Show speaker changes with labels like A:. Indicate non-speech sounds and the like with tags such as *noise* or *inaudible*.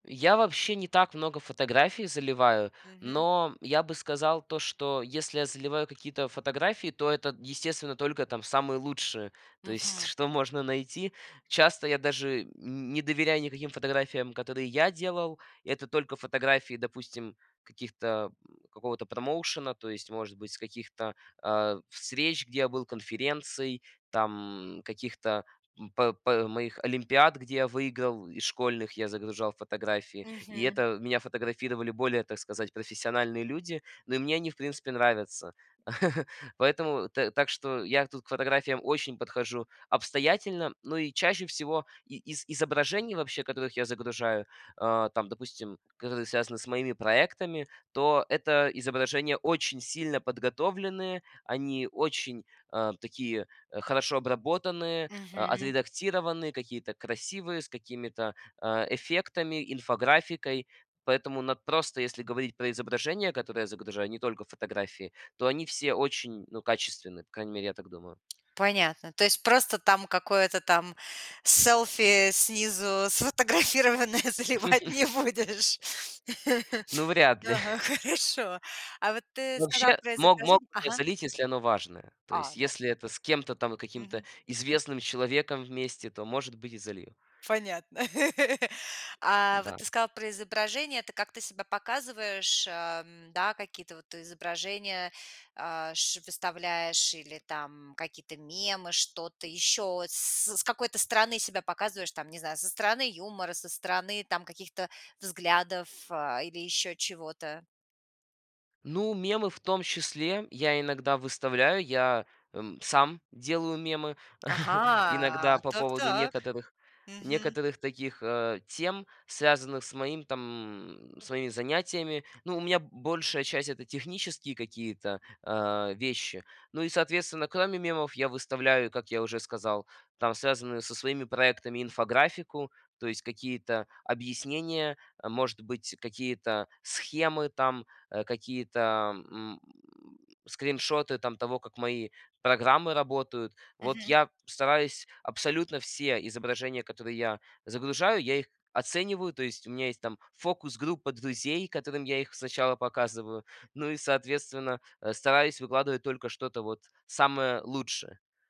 A: Я вообще не так много фотографий заливаю,
B: Мгм.
A: но я бы сказал то, что если я заливаю какие-то фотографии, то это, естественно, только там самые лучшие, то есть,
B: Мгм.
A: что можно найти. Часто я даже нь не доверяю никаким фотографиям, которые я делал. Это только фотографии, допустим, каких-то, м, какого-то промоушена, то есть, может быть, с каких-то, а, встреч, где я был, конференций, там каких-то, м, п п моих олимпиад, где я выиграл, из школьных, я загружал фотографии. И
B: Мгм.
A: это меня фотографировали более, так сказать, профессиональные люди. Но и мне они, в принципе, нравятся. *chuckles* Поэтому т так что я тут к фотографиям очень подхожу обстоятельно. Ну, и чаще всего и из изображений вообще, которых я загружаю, а, там, допустим, которые связаны с моими проектами, то это изображения очень сильно подготовленные. Они очень, а, такие, хорошо обработанные, а,
B: Мгм.
A: отредактированные, какие-то красивые, с какими-то, а, эффектами, инфографикой. Поэтому над просто, если говорить про изображения, которые я загружаю, не только фотографии, то они все очень, ну, качественные, по крайней мере, я так думаю.
B: Понятно. То есть просто там какое-то там селфи, снизу сфотографированное, заливать не
A: *chuckles*
B: будешь?
A: Ну, вряд ли.
B: Ага,
A: *chuckles*
B: хорошо. А вот ты сказал
A: Вообще
B: про
A: мог мог
B: изображень
A: бы я
B: Ага.
A: залить, если оно важное. То
B: А,
A: есть,
B: ну
A: если это с кем-то там и каким-то
B: Мгм.
A: известным человеком вместе, то, может быть, и залью.
B: Понятно. *laughs* А вот
A: Н-да.
B: ты сказал про изображение. Это как ты себя показываешь, ам, н, да, какие-то вот изображения, а, ш выставляешь, или там какие-то мемы, что-то еще, с с какой-то стороны себя показываешь? Там, не знаю, со стороны юмора, со стороны там каких-то взглядов, а, или еще чего-то.
A: Ну, мемы в том числе я иногда выставляю. Я, м, сам делаю мемы. *chuckles*
B: Ага,
A: Иногда по
B: так,
A: поводу
B: так.
A: некоторых,
B: Мгм.
A: некоторых таких, а, тем, связанных с моим, там, с моими занятиями. Ну, у меня большая часть- это технические какие-то, а, вещи. Ну и, соответственно, кроме мемов я выставляю, как я уже сказал, там связанную со своими проектами инфографику, то есть какие-то объяснения, э, может быть, какие-то схемы там, а, какие-то м, скриншоты, там, того, как мои программы работают. Вот
B: Мгм.
A: я стараюсь абсолютно все изображения, которые я загружаю, я их оцениваю. То есть у меня есть там фокус-группа друзей, которым я их сначала показываю. Ну и, соответственно, э, стараюсь выкладывать только что-то вот самое лучшее.